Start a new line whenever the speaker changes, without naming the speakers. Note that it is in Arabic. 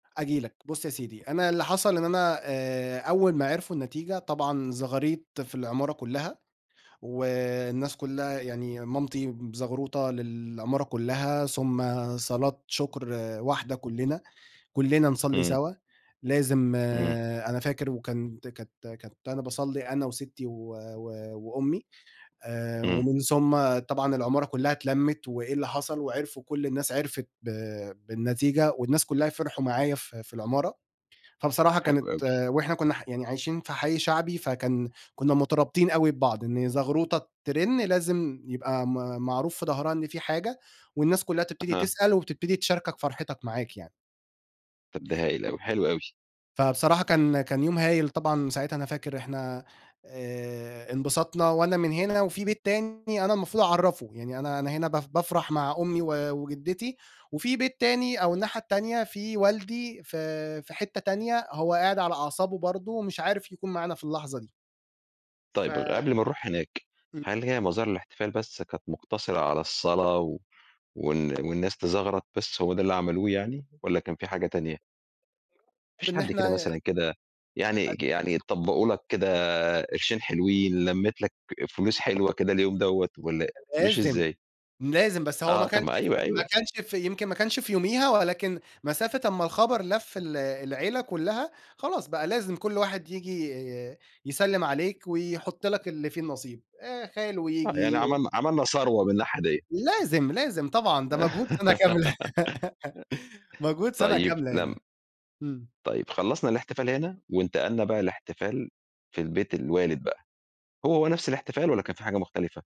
آجي لَك، بُصّ يا سيدي أنا اللي حصل إن أنا آآ، أول ما عِرفوا النتيجة طبعًا زغاريط في العمارة كُلّها، والناس كُلّها يعني مامتي بزغروطة للعمارة كُلّها، ثم صلاة شُكر واحدة كُلّنا، كُلّنا نصلّي
إمم.
سوا، لازم
إمم.
أنا فاكر وكان كنت كنت باصلّي أنا وستّي و وأمي آآ،
إمم.
ومن ثم طبعًا العمارة كُلّها اتلمِّت، وإيه اللي حصل وعِرفوا كل الناس عِرفت ب بالنتيجة، والناس كُلّها فِرحوا معايا في في العمارة، فبصراحة كانت
حلو أوي.
وإحنا كنّا يعني عايشين في حي شعبي فكان كنّا مترابطين أوي ببعض، إن زغروطة ترن لازم يبقى م معروف في ضهرها إن في حاجة، والناس كلها تبتدي
أها.
تسأل وتبتدي تشاركك فرحتِك معاك يعني.
طب ده هايل أوي، حلو أوي.
فبصراحة كان كان يوم هايل طبعًا ساعتها أنا فاكر إحنا آآ، انبسطنا وأنا من هنا وفي بيت تاني أنا المفروض أعرفه، يعني أنا أنا هنا ب بافرح مع أمي و وجدتي وفي بيت تاني أو الناحية التانية في والدي في في حتة تانية، هو قاعد على أعصابه برضه، ومش عارف يكون معانا في اللحظة دي. ف
طيب، قبل ما نروح هناك،
إمم.
هل هي مظاهر الإحتفال بس كانت مُقتصرة على الصلاة و وال والناس تزغرَط بس هو ده اللي عملوه يعني، والّا كان في حاجة تانية؟ ما فيش
بإن
حد كده
إحنا
مثلًا كده يعني
[unintelligible]
يعني طبّقوا لَك كده قرشين حلوين، لمِّت لَك فلوس حلوة كده اليوم دوّة، والّا
ده
مشي
لازم،
إزاي؟
لازم، بس هو ما
آه، طب
كانش
ما أيوه،
ما
أيوه.
كانش في يمكن ما كانش في يوميها، ولكن مسافة أمّا الخبر لف ال العيلة كُلّها، خلاص بقى لازم كل واحد ييجي يسلِّم عليك ويحط لّك اللي في النصيب آآ، خالو
آه، يعني
ييجي.
عملنا عملنا ثروة من ناحية ديّة.
لازم، لازم، طبعًا ده مجهود سنة كاملة مجهود سنة
طيب
كاملة
لم
يعني، إمم.
طيب خلصنا الإحتفال هنا، وانتقلنا بقى لإحتفال في البيت الوالد بقى، هو-هو نفس الإحتفال والّا كان في حاجة مختلفة؟